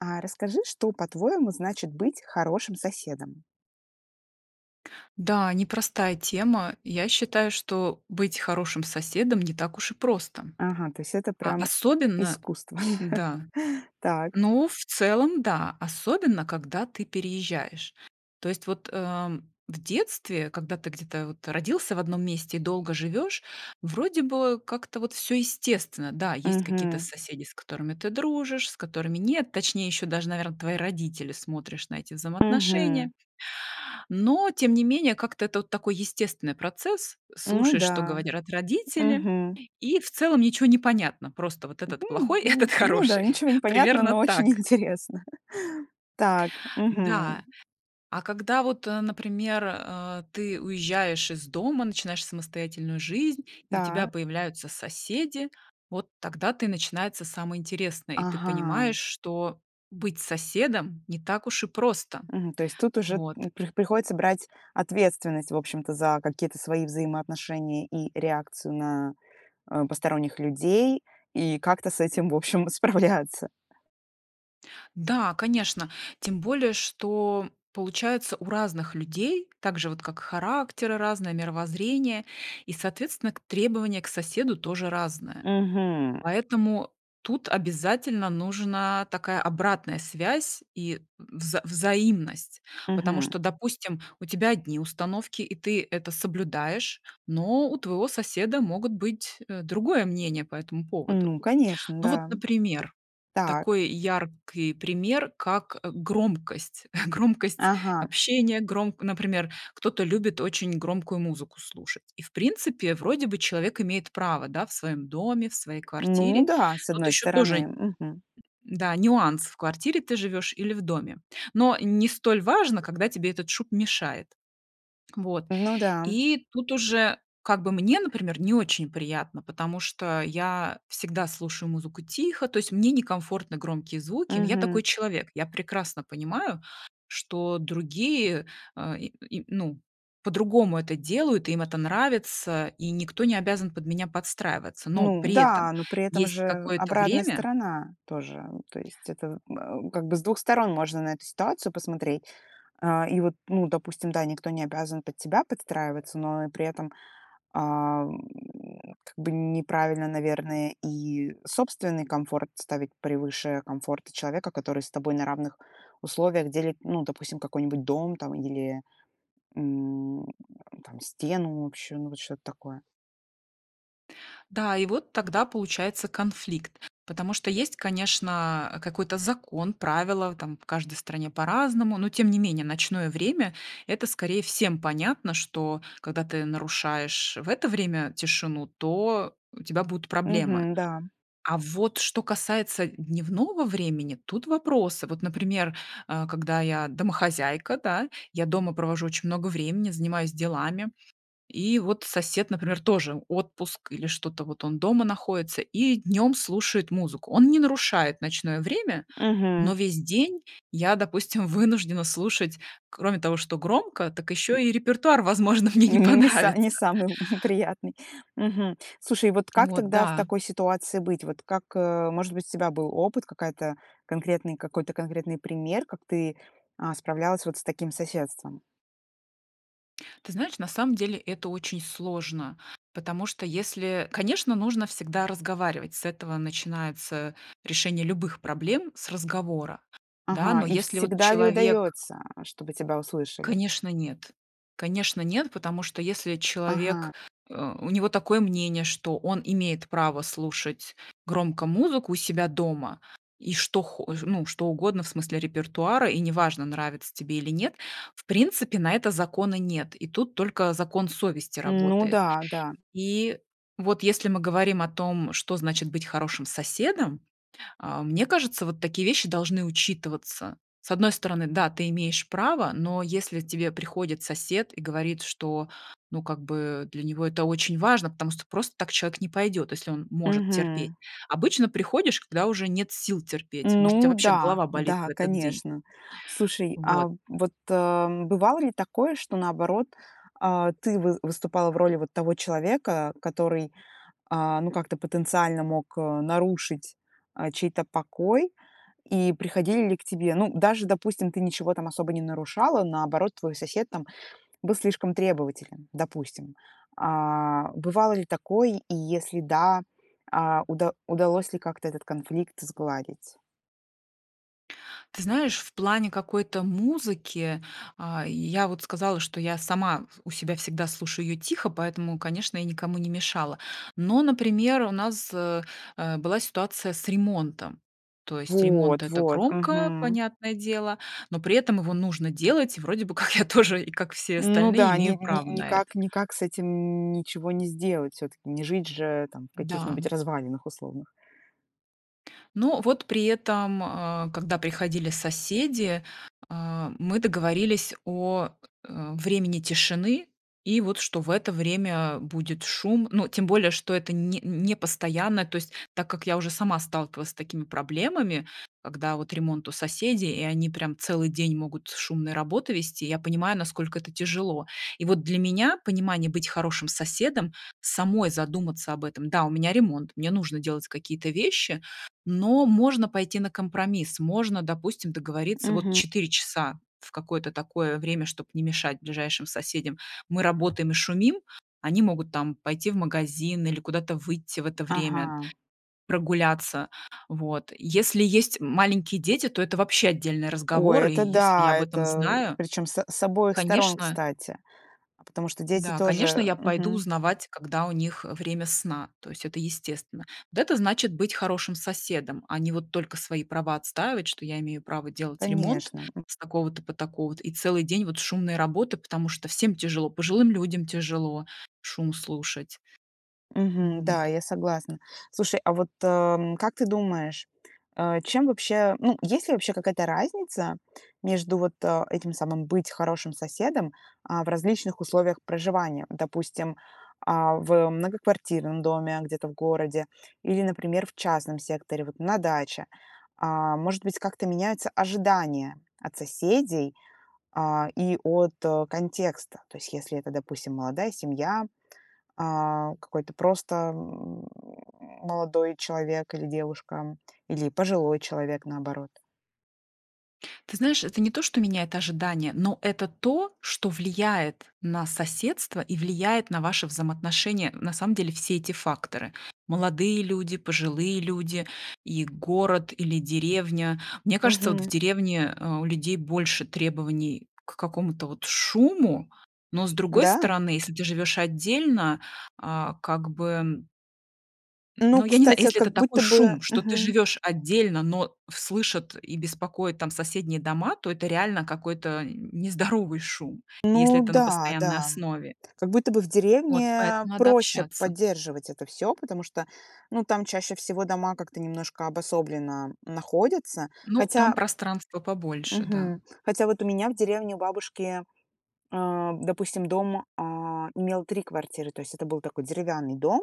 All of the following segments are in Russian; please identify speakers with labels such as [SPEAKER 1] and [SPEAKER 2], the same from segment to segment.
[SPEAKER 1] А расскажи, что, по-твоему, значит быть хорошим соседом?
[SPEAKER 2] Да, непростая тема. Я считаю, что быть хорошим соседом не так уж и просто.
[SPEAKER 1] Ага, то есть это
[SPEAKER 2] А
[SPEAKER 1] прям
[SPEAKER 2] особенно
[SPEAKER 1] искусство.
[SPEAKER 2] Да.
[SPEAKER 1] Так.
[SPEAKER 2] Ну, в целом, да. Особенно когда ты переезжаешь. То есть вот, э, в детстве, когда ты где-то вот родился в одном месте и долго живешь, вроде бы как-то вот всё естественно. Да, есть какие-то
[SPEAKER 1] Мгм.
[SPEAKER 2] соседи, с которыми ты дружишь, с которыми нет, точнее, ещё даже, наверно, твои родители, смотришь на эти
[SPEAKER 1] Мгм.
[SPEAKER 2] взаимоотношения. Но тем не менее как-то это вот такой естественный процесс:
[SPEAKER 1] Ну
[SPEAKER 2] слушаешь, что
[SPEAKER 1] да.
[SPEAKER 2] говорят родители,
[SPEAKER 1] Мгм.
[SPEAKER 2] и в целом ничё не понятно: просто вот этот-
[SPEAKER 1] М,
[SPEAKER 2] плохой,
[SPEAKER 1] м.
[SPEAKER 2] этот-
[SPEAKER 1] Ну да,
[SPEAKER 2] хороший.
[SPEAKER 1] ничего не понятно,
[SPEAKER 2] Примерно
[SPEAKER 1] но очень
[SPEAKER 2] так.
[SPEAKER 1] интересно. Так. Мгм.
[SPEAKER 2] Да. А когда вот, э, например, а, ты уезжаешь из дома, начинаешь самостоятельную жизнь и у тебя
[SPEAKER 1] Та.
[SPEAKER 2] появляются соседи, вот тогда-то и начинается самое интересное, и ты понимаешь,
[SPEAKER 1] Ага.
[SPEAKER 2] что быть соседом не так уж и просто.
[SPEAKER 1] Мгм, то есть тут уже,
[SPEAKER 2] Вот.
[SPEAKER 1] м, при приходится брать ответственность, в общем-то, за какие-то свои взаимоотношения и реакцию на, э, посторонних людей и как-то с этим, в общем, справляться.
[SPEAKER 2] Да, конечно. Тем более что, получается, у разных людей так же вот, как характеры разные, мировоззрение, и, соответственно, к требования к соседу тоже разные.
[SPEAKER 1] Мгм.
[SPEAKER 2] Поэтому тут обязательно нужна такая обратная связь и вза взаимность. Потому
[SPEAKER 1] Мгм.
[SPEAKER 2] что, допустим, у тебя одни установки и ты это соблюдаешь, но у твоего соседа могут быть, э, другое мнение по этому поводу.
[SPEAKER 1] Ну конечно,
[SPEAKER 2] Ну вот,
[SPEAKER 1] да.
[SPEAKER 2] например.
[SPEAKER 1] Так.
[SPEAKER 2] Такой яркий пример, как, э, громкость. громкость
[SPEAKER 1] Ага.
[SPEAKER 2] общения, громк например, кто-то любит очень громкую музыку слушать. И в принципе, вроде бы, человек имеет право, да, в своем доме, в своей
[SPEAKER 1] Ну
[SPEAKER 2] квартире.
[SPEAKER 1] да, с
[SPEAKER 2] Тут
[SPEAKER 1] одной
[SPEAKER 2] еще
[SPEAKER 1] стороны,
[SPEAKER 2] тоже
[SPEAKER 1] мгм.
[SPEAKER 2] Да, нюанс- в квартире ты живешь или в доме. Но не столь важно, когда тебе этот шум мешает. Вот.
[SPEAKER 1] Ну да.
[SPEAKER 2] И тут уже как бы мне, например, не очень приятно, потому что я всегда слушаю музыку тихо, то есть мне некомфортны громкие звуки, но я
[SPEAKER 1] Мгм.
[SPEAKER 2] такой человек. Я прекрасно понимаю, что другие, э, и и ну, по-другому это делают, им это нравится, и никто не обязан под меня подстраиваться, но
[SPEAKER 1] Ну
[SPEAKER 2] при этом
[SPEAKER 1] да, но при этом
[SPEAKER 2] есть
[SPEAKER 1] же
[SPEAKER 2] какое-то
[SPEAKER 1] обратная
[SPEAKER 2] время
[SPEAKER 1] сторона тоже. То есть это, э, как бы с 2 сторон можно на эту ситуацию посмотреть. А, и вот, ну, допустим, да, никто не обязан под тебя подстраиваться, но и при этом, а, м, как бы неправильно, наверное, и собственный комфорт ставить превыше комфорта человека, который с тобой на равных условиях делит, ну, допустим, какой-нибудь дом там или, м, там стену общую, ну вот что-то такое.
[SPEAKER 2] Да, и вот тогда получается конфликт, потому что есть, конечно, какой-то закон, правила в там. В каждой стране по-разному, но тем не менее ночное время- это скорее всем понятно, что, когда ты нарушаешь в это время тишину, то у тебя будут проблемы.
[SPEAKER 1] Мгм, да.
[SPEAKER 2] А вот что касается д дневного времени- тут вопросы. Вот, например, а, когда я домохозяйка, да, я дома провожу очень много времени, занимаюсь делами. И вот сосед, например, тоже- отпуск, или что-то вот он дома находится и днем слушает музыку. Он не нарушает ночное время, но
[SPEAKER 1] Мгм.
[SPEAKER 2] весь день я, допустим, вынуждена слушать, кроме того, что громко, так еще и репертуар, возможно, мне не
[SPEAKER 1] Не са не
[SPEAKER 2] понравится.
[SPEAKER 1] самый л приятный. Мгм. Слушай, вот как
[SPEAKER 2] Вот,
[SPEAKER 1] тогда в
[SPEAKER 2] да.
[SPEAKER 1] такой ситуации быть? Вот, как, э Может быть, у тебя был опыт, какая-то, конкретный, какой-то конкретный пример, как ты, а, справлялась вот с таким соседством?
[SPEAKER 2] Ты знаешь, на самом деле это очень сложно, потому что, если конечно, нужно всегда разговаривать, с этого начинается решение любых проблем- с разговора, да,
[SPEAKER 1] Ага.
[SPEAKER 2] но
[SPEAKER 1] И
[SPEAKER 2] если вот
[SPEAKER 1] всегда ли
[SPEAKER 2] человек
[SPEAKER 1] удается, э, чтобы тебя услышали?
[SPEAKER 2] Конечно, нет. Конечно, нет, потому что если
[SPEAKER 1] Ага.
[SPEAKER 2] человек э, у него такое мнение, что он имеет право слушать громко музыку у себя дома, и что хо ну, что угодно в смысле репертуара, и неважно, нравится тебе или нет, в принципе, на это закона нет. И тут только закон совести
[SPEAKER 1] Ну,
[SPEAKER 2] работает.
[SPEAKER 1] да-да.
[SPEAKER 2] И вот если мы говорим о том, что значит быть хорошим соседом, э, мне кажется, вот такие вещи должны учитываться. С одной стороны, да, ты имеешь право, но если тебе приходит сосед и говорит, что, ну, как бы для него это очень важно, потому сто просто так человек не пойдет, если он может терпеть.
[SPEAKER 1] Мгм.
[SPEAKER 2] Обычно приходишь, когда уже нет сил терпеть, может, у тебя
[SPEAKER 1] Ну
[SPEAKER 2] вообще
[SPEAKER 1] да.
[SPEAKER 2] голова болит в
[SPEAKER 1] Да,
[SPEAKER 2] этот день.
[SPEAKER 1] конечно. Слушай, а,
[SPEAKER 2] Вот.
[SPEAKER 1] вот, э, бывало ли такое, что, наоборот, а, ты вы выступала в роли вот того человека, который, а, ну, как-то потенциально мог нарушить, э, чей-то покой? И приходили ли к тебе? Ну даже, допустим, ты ничего там особо не нарушала, наоборот, твой сосед там был слишком требователен, допустим? А бывало ли такой, и если да, а, уда удалось ли как-то этот конфликт сгладить?
[SPEAKER 2] Ты знаешь, в плане какой-то музыки, а, я вот сказала, что я сама с у себя всегда слушаю её тихо, поэтому, конечно, я никому не мешала, но, например, у нас, э, э, была ситуация с ремонтом. То есть ремонт-
[SPEAKER 1] Вот,
[SPEAKER 2] это
[SPEAKER 1] вот,
[SPEAKER 2] громко,
[SPEAKER 1] мгм.
[SPEAKER 2] понятное дело, но при этом его нужно делать, и вроде бы как я тоже, как все
[SPEAKER 1] Ну
[SPEAKER 2] остальные,
[SPEAKER 1] да. Ни
[SPEAKER 2] имею
[SPEAKER 1] ни
[SPEAKER 2] право на это.
[SPEAKER 1] никак никак с этим ничего не сделать. Всё-таки не жить же там в
[SPEAKER 2] Да.
[SPEAKER 1] каких-нибудь развалинах условных.
[SPEAKER 2] Но вот при этом, э, когда приходили соседи, э, мы договорились о, э, времени тишины, и вот, что в это время будет шум. Ну, тем более, что это не не постоянно, то есть так как я уже сама сталкивалась с такими проблемами, когда вот ремонт у соседей и они прям целый день могут шумные работы вести, я понимаю, насколько это тяжело. И вот для меня понимание быть хорошим соседом- самой задуматься об этом. Да, у меня ремонт, мне нужно делать какие-то вещи, но можно пойти на компромисс. Можно, допустим, договориться: вот
[SPEAKER 1] Мгм.
[SPEAKER 2] 4 часа в какое-то такое время, чтоб не мешать ближайшим соседям, мы работаем и шумим, они могут там пойти в магазин или куда-то выйти в это время,
[SPEAKER 1] Ага.
[SPEAKER 2] прогуляться, вот. Если есть м маленькие дети, то это вообще отдельный
[SPEAKER 1] Ой,
[SPEAKER 2] разговор. И
[SPEAKER 1] это
[SPEAKER 2] если я
[SPEAKER 1] да.
[SPEAKER 2] об этом
[SPEAKER 1] Это
[SPEAKER 2] знаю,
[SPEAKER 1] причём с с обоих сторон,
[SPEAKER 2] конечно.
[SPEAKER 1] кстати. Потому что дети
[SPEAKER 2] Да, конечно,
[SPEAKER 1] тоже
[SPEAKER 2] я пойду
[SPEAKER 1] мгм.
[SPEAKER 2] узнавать, когда у них, э, время сна, то есть это естественно. Вот это значит быть хорошим соседом, а не вот только свои права отстаивать, что я имею право делать ремонт
[SPEAKER 1] Конечно, м.
[SPEAKER 2] с такого-то по такого-то и целый день вот шумные работы. Потому что всем тяжело: пожилым людям тяжело шум слушать. М,
[SPEAKER 1] Мгм, да,
[SPEAKER 2] вот.
[SPEAKER 1] я согласна. Слушай, а вот, эм, как ты думаешь, э, чем вообще, ну, есть ли вообще какая-то разница между вот, э, этим самым "быть хорошим соседом", а, в различных условиях проживания? Допустим, а, в многоквартирном доме, где-то в городе, или, например, в частном секторе, вот на даче. А, может быть, как-то меняются ожидания от соседей, а, и от, а, контекста. То есть если это, допустим, молодая семья, а, какой-то просто, м, молодой человек или девушка, или пожилой человек, наоборот.
[SPEAKER 2] Ты знаешь, это не то, что меняет ожидания, но это то, что влияет на соседство и влияет на ваше взаимоотношение, на самом деле все эти факторы: молодые люди, пожилые люди и город, или деревня. Мне кажется, вот, в
[SPEAKER 1] Мгм.
[SPEAKER 2] деревне, э, у людей больше требований к какому-то вот шуму, но, с другой
[SPEAKER 1] Да?
[SPEAKER 2] стороны, если ты живешь отдельно, а, как бы. Н
[SPEAKER 1] Ну,
[SPEAKER 2] ну, я не знаю,
[SPEAKER 1] кстати,
[SPEAKER 2] если
[SPEAKER 1] как
[SPEAKER 2] это такой
[SPEAKER 1] будто бы
[SPEAKER 2] шум, что ты
[SPEAKER 1] мгм.
[SPEAKER 2] живешь отдельно, но слышат и беспокоят там соседние дома, то это реально какой-то нездоровый шум, если
[SPEAKER 1] Ну
[SPEAKER 2] это на
[SPEAKER 1] да,
[SPEAKER 2] постоянной
[SPEAKER 1] да.
[SPEAKER 2] основе.
[SPEAKER 1] Как будто бы в
[SPEAKER 2] Вот
[SPEAKER 1] деревне
[SPEAKER 2] поэтому надо
[SPEAKER 1] проще
[SPEAKER 2] общаться.
[SPEAKER 1] поддерживать это всё, потому что, ну, там чаще всего дома как-то немножко обособленно находятся.
[SPEAKER 2] Ну, там
[SPEAKER 1] Хотя.
[SPEAKER 2] пространства побольше, да.
[SPEAKER 1] Мгм. Хотя вот у меня в деревне, у бабушки, а, допустим, дом, а, имел 3 квартиры. То есть это был такой деревянный дом,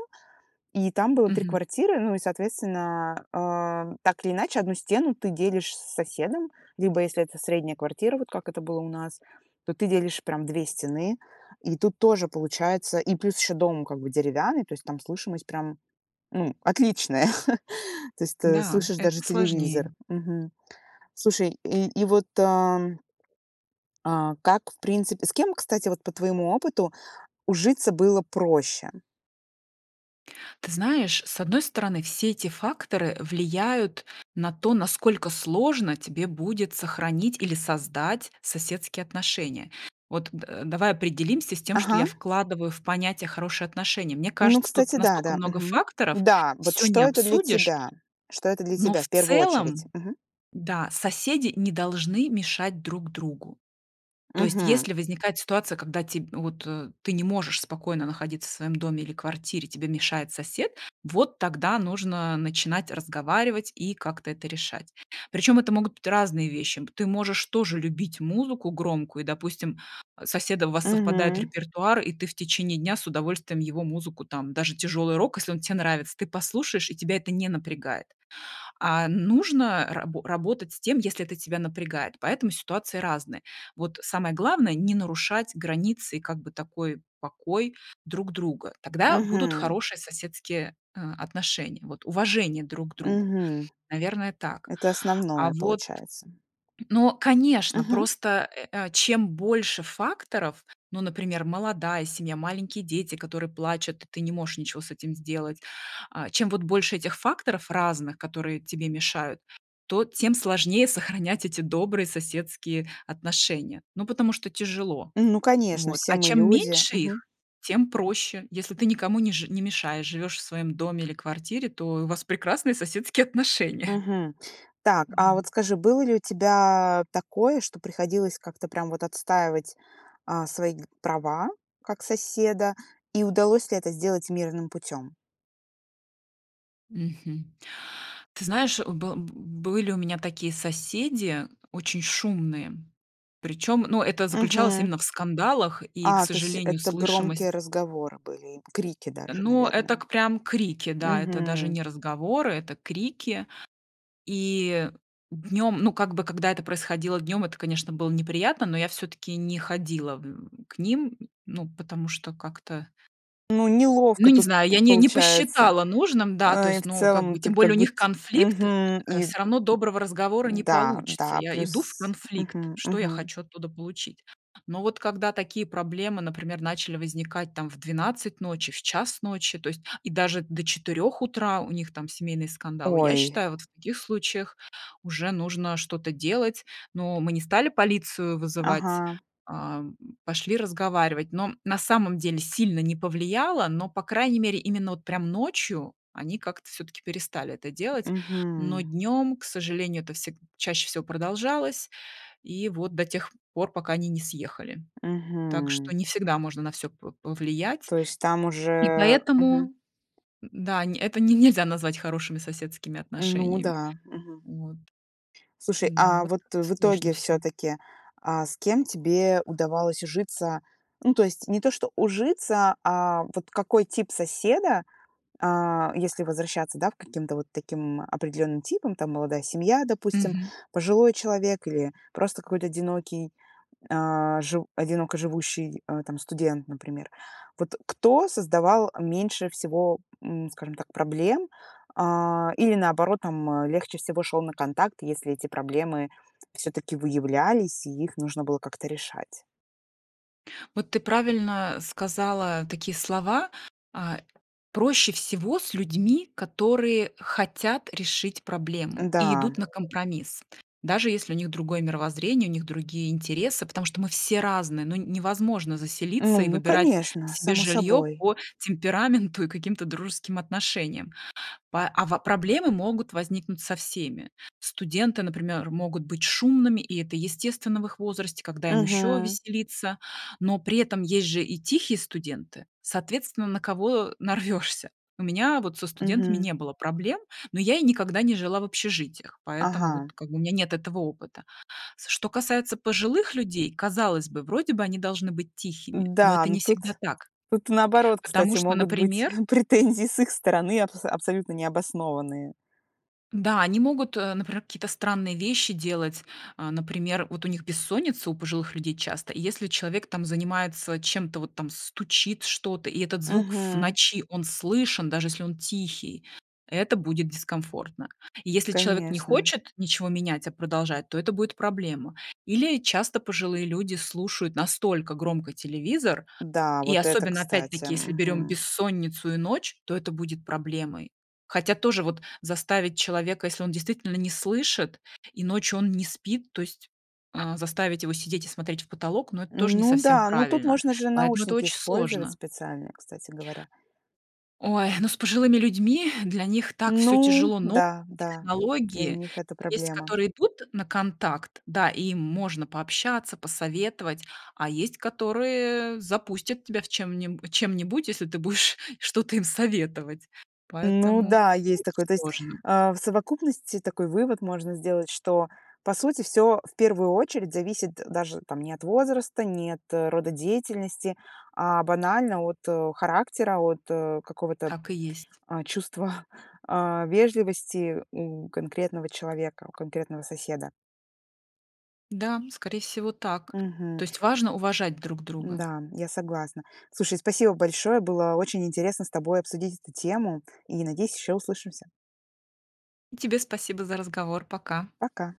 [SPEAKER 1] и там было 3
[SPEAKER 2] Мгм.
[SPEAKER 1] квартиры. Ну и, соответственно, э, так или иначе одну стену ты делишь с соседом, либо, если это средняя квартира, вот как это было у нас, то ты делишь прям 2 стены. И тут тоже получается и плюс еще дом как бы деревянный, то есть там слышимость прям, ну, отличная. То есть ты
[SPEAKER 2] Да,
[SPEAKER 1] слышишь
[SPEAKER 2] это
[SPEAKER 1] даже телевизор,
[SPEAKER 2] сложнее.
[SPEAKER 1] мгм. Слушай, и и вот, а. А, как, в принципе с кем, кстати, вот по твоему опыту ужиться было проще?
[SPEAKER 2] Ты знаешь, с одной стороны, все те факторы влияют на то, насколько сложно тебе будет сохранить или создать соседские отношения. Вот, д давай определимся с тем, что
[SPEAKER 1] Ага.
[SPEAKER 2] я вкладываю в понятие "хорошие отношения". Мне
[SPEAKER 1] Ну,
[SPEAKER 2] кажется, тут
[SPEAKER 1] кстати, да,
[SPEAKER 2] настолько
[SPEAKER 1] да.
[SPEAKER 2] много
[SPEAKER 1] Мгм.
[SPEAKER 2] факторов,
[SPEAKER 1] Да, вот
[SPEAKER 2] всё не
[SPEAKER 1] что это для
[SPEAKER 2] обсудишь,
[SPEAKER 1] тебя? Что это для
[SPEAKER 2] но
[SPEAKER 1] тебя
[SPEAKER 2] в
[SPEAKER 1] в первую очередь?
[SPEAKER 2] целом,
[SPEAKER 1] Мгм.
[SPEAKER 2] да, соседи не должны мешать друг другу. То есть
[SPEAKER 1] Мгм.
[SPEAKER 2] если возникает ситуация, когда те вот ты не можешь спокойно находиться в своем доме или квартире, тебе мешает сосед, вот тогда нужно начинать разговаривать и как-то это решать. Причем это могут быть разные вещи. Б ты можешь тоже любить музыку громкую, допустим, с соседом у вас совпадает
[SPEAKER 1] Мгм.
[SPEAKER 2] репертуар и ты в течение дня с удовольствием его музыку, там даже тяжелый рок, если он те нравится, ты послушаешь, и тебя это не напрягает. А н нужно рабо работать с тем, если это тебя напрягает, поэтому ситуации разные. Вот самое главное- не нарушать границы и как бы такой покой друг друга. Тогда будут
[SPEAKER 1] Мгм.
[SPEAKER 2] хорошие соседские, э, отношения, вот, уважение друг к другу.
[SPEAKER 1] Мгм.
[SPEAKER 2] Наверное, так.
[SPEAKER 1] Это
[SPEAKER 2] А
[SPEAKER 1] основное,
[SPEAKER 2] вот.
[SPEAKER 1] получается.
[SPEAKER 2] Но, конечно,
[SPEAKER 1] Мгм.
[SPEAKER 2] просто, э, э, чем больше факторов, ну, например, молодая семья, маленькие дети, которые плачут, и ты не можешь ничего с этим сделать, а, чем вот больше этих факторов разных, которые тебе мешают, то тем сложнее сохранять эти добрые соседские отношения, ну, потому что тяжело.
[SPEAKER 1] Ну конечно,
[SPEAKER 2] Вот.
[SPEAKER 1] все
[SPEAKER 2] А
[SPEAKER 1] мы
[SPEAKER 2] чем
[SPEAKER 1] люди.
[SPEAKER 2] меньше
[SPEAKER 1] Мгм.
[SPEAKER 2] их, тем проще: если ты никому не жи не мешаешь, живешь в своем доме или квартире, то и у вас прекрасные соседские отношения.
[SPEAKER 1] Мгм. Так, а вот
[SPEAKER 2] М.
[SPEAKER 1] скажи, было ли у тебя такое, что приходилось как-то прям вот отстаивать, а, свои права как соседа? И удалось ли это сделать мирным путем? Мгм.
[SPEAKER 2] Мгм. Ты знаешь, был б были у меня такие соседи, очень шумные. Причём, ну, это заключалось
[SPEAKER 1] Мгм.
[SPEAKER 2] именно в скандалах. И, к
[SPEAKER 1] А, то есть
[SPEAKER 2] сожалению,
[SPEAKER 1] это громкие
[SPEAKER 2] слышимость.
[SPEAKER 1] разговоры были и крики даже,
[SPEAKER 2] Ну, это
[SPEAKER 1] наверное.
[SPEAKER 2] к прям крики, да, это даже
[SPEAKER 1] Мгм.
[SPEAKER 2] не разговоры, это крики. И днем, ну, как бы, когда это происходило днем- это, конечно, было неприятно, но я всё-таки не ходила, м, к ним, ну потому что как-то
[SPEAKER 1] Ну,
[SPEAKER 2] ну
[SPEAKER 1] неловко
[SPEAKER 2] не
[SPEAKER 1] тут
[SPEAKER 2] знаю,
[SPEAKER 1] п
[SPEAKER 2] я не не
[SPEAKER 1] получается.
[SPEAKER 2] посчитала нужным, да, то
[SPEAKER 1] Э, и
[SPEAKER 2] есть
[SPEAKER 1] в
[SPEAKER 2] ну, как
[SPEAKER 1] целом
[SPEAKER 2] бы
[SPEAKER 1] ты
[SPEAKER 2] тем более
[SPEAKER 1] как
[SPEAKER 2] у них
[SPEAKER 1] будь
[SPEAKER 2] конфликт,
[SPEAKER 1] Мгм.
[SPEAKER 2] э,
[SPEAKER 1] И
[SPEAKER 2] всё равно доброго разговора не
[SPEAKER 1] да,
[SPEAKER 2] получится.
[SPEAKER 1] да,
[SPEAKER 2] Я иду в
[SPEAKER 1] плюс
[SPEAKER 2] конфликт-
[SPEAKER 1] мгм.
[SPEAKER 2] что я
[SPEAKER 1] Мгм.
[SPEAKER 2] хочу оттуда получить? Но вот когда такие проблемы, например, начали возникать там в 12:00 ночи, в 1:00 ночи, то есть, и даже до 4:00 утра у них там семейные скандалы, я
[SPEAKER 1] Ой.
[SPEAKER 2] считаю, вот в таких случаях уже нужно что-то делать. Ну, мы не стали полицию вызывать,
[SPEAKER 1] Ага.
[SPEAKER 2] ам, пошли разговаривать, но на самом деле сильно не повлияло, но, по крайней мере, именно вот прям ночью они как-то всё-таки перестали это делать. Но
[SPEAKER 1] Мгм.
[SPEAKER 2] днем, к сожалению, это всег чаще всего продолжалось и вот до тех пор пока они не съехали. Так
[SPEAKER 1] Мгм.
[SPEAKER 2] что не всегда можно на всё по повлиять.
[SPEAKER 1] То есть там
[SPEAKER 2] И
[SPEAKER 1] уже
[SPEAKER 2] поэтому,
[SPEAKER 1] мгм.
[SPEAKER 2] м, да, не это не нельзя назвать хорошими соседскими
[SPEAKER 1] Ну
[SPEAKER 2] отношениями,
[SPEAKER 1] да. Мгм.
[SPEAKER 2] вот.
[SPEAKER 1] Слушай,
[SPEAKER 2] М-да,
[SPEAKER 1] а
[SPEAKER 2] вот,
[SPEAKER 1] вот в
[SPEAKER 2] сложно
[SPEAKER 1] итоге
[SPEAKER 2] всё.
[SPEAKER 1] всё-таки, а с кем тебе удавалось ужиться? Ну, то есть не то, что ужиться, а вот какой тип соседа, а, если возвращаться, да, в к каким-то вот таким определенным типам, там, молодая семья, допустим,
[SPEAKER 2] Мгм.
[SPEAKER 1] пожилой человек или просто какой-то одинокий, э, жив одиноко живущий, э, там, студент, например. Вот кто создавал меньше всего, м, скажем так, проблем, э, или, наоборот, там, а, легче всего шёл на контакт, если эти проблемы всё-таки выявлялись и их нужно было как-то решать?
[SPEAKER 2] Вот ты правильно сказала такие слова, а: "Проще всего с людьми, которые хотят решить проблему
[SPEAKER 1] Да.
[SPEAKER 2] и идут на компромисс". Даже если у них другое мировоззрение, у них другие интересы, потому что мы все разные. Ну, невозможно заселиться и
[SPEAKER 1] Ну,
[SPEAKER 2] выбирать
[SPEAKER 1] конечно,
[SPEAKER 2] себе
[SPEAKER 1] само
[SPEAKER 2] жилье
[SPEAKER 1] собой.
[SPEAKER 2] по темпераменту и каким-то дружеским отношениям. Па а, ва проблемы могут возникнуть со всеми. Студенты, например, могут быть шумными и это естественно в их возрасте, когда им еще
[SPEAKER 1] Мгм.
[SPEAKER 2] веселиться? Но при этом есть же и тихие студенты, соответственно, на кого нарвешься. У меня вот со студентами
[SPEAKER 1] Мгм.
[SPEAKER 2] не было проблем, но я и никогда не жила в общежитиях, поэтому вот
[SPEAKER 1] Ага.
[SPEAKER 2] как бы у меня нет этого опыта. С что касается пожилых людей, казалось бы, вроде бы они должны быть тихими, но
[SPEAKER 1] Да,
[SPEAKER 2] это
[SPEAKER 1] но
[SPEAKER 2] не
[SPEAKER 1] тут
[SPEAKER 2] всегда так.
[SPEAKER 1] тут наоборот,
[SPEAKER 2] Потому
[SPEAKER 1] кстати,
[SPEAKER 2] что,
[SPEAKER 1] могут быть
[SPEAKER 2] например.
[SPEAKER 1] претензии с их стороны абс абсолютно необоснованные.
[SPEAKER 2] Да, они могут, э, например какие-то странные вещи делать. А, например, вот у них бессонница, у пожилых людей, часто, и если человек там занимается чем-то, вот там стучит что-то, и этот звук в
[SPEAKER 1] Мгм.
[SPEAKER 2] ночи, он слышен, даже если он тихий, это будет дискомфортно. Если человек не
[SPEAKER 1] Конечно.
[SPEAKER 2] хочет ничего менять, а продолжает, то это будет проблема. Или часто пожилые люди слушают настолько громко телевизор,
[SPEAKER 1] Да,
[SPEAKER 2] и
[SPEAKER 1] вот это
[SPEAKER 2] особенно,
[SPEAKER 1] кстати,
[SPEAKER 2] опять-таки, если берем
[SPEAKER 1] мгм.
[SPEAKER 2] бессонницу и ночь, то это будет проблемой. Хотя тоже вот, заставить человека, если он действительно не слышит и ночью он не спит, то есть, э, заставить его сидеть и смотреть в потолок, ну, это тоже не
[SPEAKER 1] Ну
[SPEAKER 2] совсем
[SPEAKER 1] да, ну тут
[SPEAKER 2] правильно.
[SPEAKER 1] можно же
[SPEAKER 2] Поэтому это
[SPEAKER 1] наушники
[SPEAKER 2] очень
[SPEAKER 1] использовать
[SPEAKER 2] сложно.
[SPEAKER 1] специальные, кстати говоря.
[SPEAKER 2] Ой, ну с пожилыми людьми, для них так всё
[SPEAKER 1] Ну
[SPEAKER 2] тяжело, но
[SPEAKER 1] да, да,
[SPEAKER 2] [unintelligible]
[SPEAKER 1] для
[SPEAKER 2] технологии.
[SPEAKER 1] них это
[SPEAKER 2] Вот есть,
[SPEAKER 1] проблема.
[SPEAKER 2] которые идут на контакт, да, им можно пообщаться, посоветовать, а есть, которые запустят тебя в чем-нибу чем-нибудь, если ты будешь что-то им советовать.
[SPEAKER 1] Ну
[SPEAKER 2] Поэтому
[SPEAKER 1] да, есть
[SPEAKER 2] очень
[SPEAKER 1] такое. То есть,
[SPEAKER 2] сложно.
[SPEAKER 1] а, в совокупности такой вывод можно сделать, что, по сути, всё в первую очередь зависит даже там не от возраста, не от рода деятельности, а банально от, э, характера, от, э, какого-то,
[SPEAKER 2] Так и есть.
[SPEAKER 1] э, чувства, а, вежливости у конкретного человека, у конкретного соседа.
[SPEAKER 2] Да, скорее всего так.
[SPEAKER 1] Мгм.
[SPEAKER 2] То есть важно уважать друг друга.
[SPEAKER 1] Да, я согласна. Слушай, спасибо большое, было очень интересно с тобой обсудить эту тему. И, надеюсь, еще услышимся.
[SPEAKER 2] И тебе спасибо за разговор. Пока.
[SPEAKER 1] Пока.